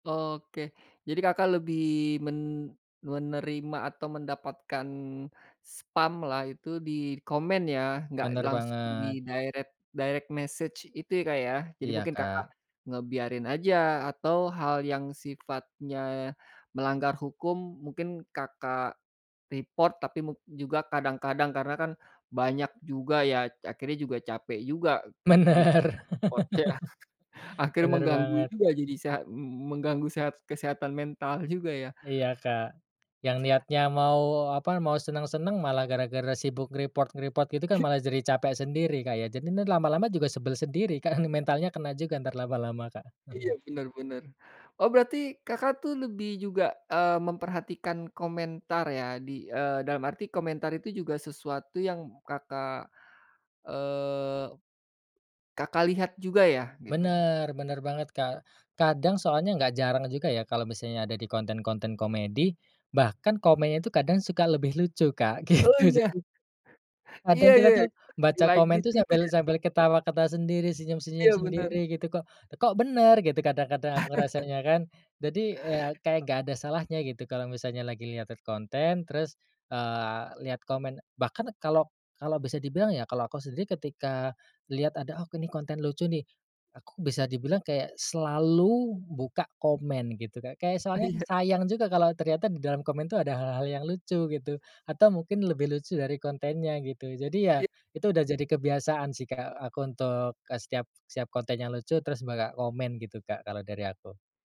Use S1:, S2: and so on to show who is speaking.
S1: Oke. Jadi Kakak, lebih men menerima atau mendapatkan spam lah itu di komen ya, enggak
S2: Bener
S1: langsung di
S2: banget.
S1: direct direct message itu ya Kak, ya. Jadi,
S2: Iya,
S1: mungkin Kakak,
S2: Kak.
S1: ngebiarin aja, atau hal yang sifatnya melanggar hukum mungkin Kakak, report tapi mung juga kadang-kadang, karena kan banyak juga ya, akhirnya juga capek juga kit
S2: Bener.
S1: di-report. Akhirnya
S2: Bener
S1: mengganggu
S2: banget.
S1: juga, jadi seha m m mengganggu sehat kesehatan mental, juga ya.
S2: Iya, Kak. Yang niatnya mau apa, mau senang-senang, malah gara-gara sibuk nge-report-nge-report gitu kan malah jadi capek sendiri Kak, ya. Jadi, nih lama-lama juga sebel sendiri, Kak, mentalnya kena juga, entar lama-lama, Kak.
S1: Iya, bener bener. Oh, berarti Kakak, tuh lebih juga, eee, memperhatikan komentar ya, di eee, dalam arti komentar itu juga sesuatu yang Kakak, eee, Kakak, lihat juga ya, gitu?
S2: Bener, bener banget Kak. Kadang soalnya enggak jarang juga ya, kalau misalnya ada di konten-konten komedi, bahkan komennya itu kadang suka lebih lucu Kak,
S1: Oh,
S2: gitu.
S1: iya.
S2: Jadi
S1: Iya
S2: Kadang kita
S1: iya,
S2: tuh, baca
S1: di-like di
S2: komen tuh
S1: gitu
S2: sambil
S1: ya.
S2: sambil ketawa-ketawa sendiri, senyum-senyum
S1: Iya, benar.
S2: sendiri gitu, kok kok bener gitu, kadang-kadang aku ngerasanya kan. Jadi, eee, ya kayak enggak ada salahnya gitu kalau misalnya lagi lihat-lihat konten, terus, eee, lihat komen bahkan kalau kalau bisa dibilang ya, kalau aku sendiri ketika lihat ada, "Oh ini konten lucu nih," aku bisa dibilang kayak, selalu buka komen gitu, Kak. Kayak, soalnya
S1: Iya.
S2: sayang juga kalau ternyata di dalam komen tuh ada hal-hal yang lucu, gitu. Atau mungkin lebih lucu dari kontennya, gitu. Jadi ya,
S1: Iya.
S2: itu udah jadi kebiasaan sih Kak, aku untuk eee, setiap setiap konten yang lucu terus buka komen gitu Kak, kalau dari aku.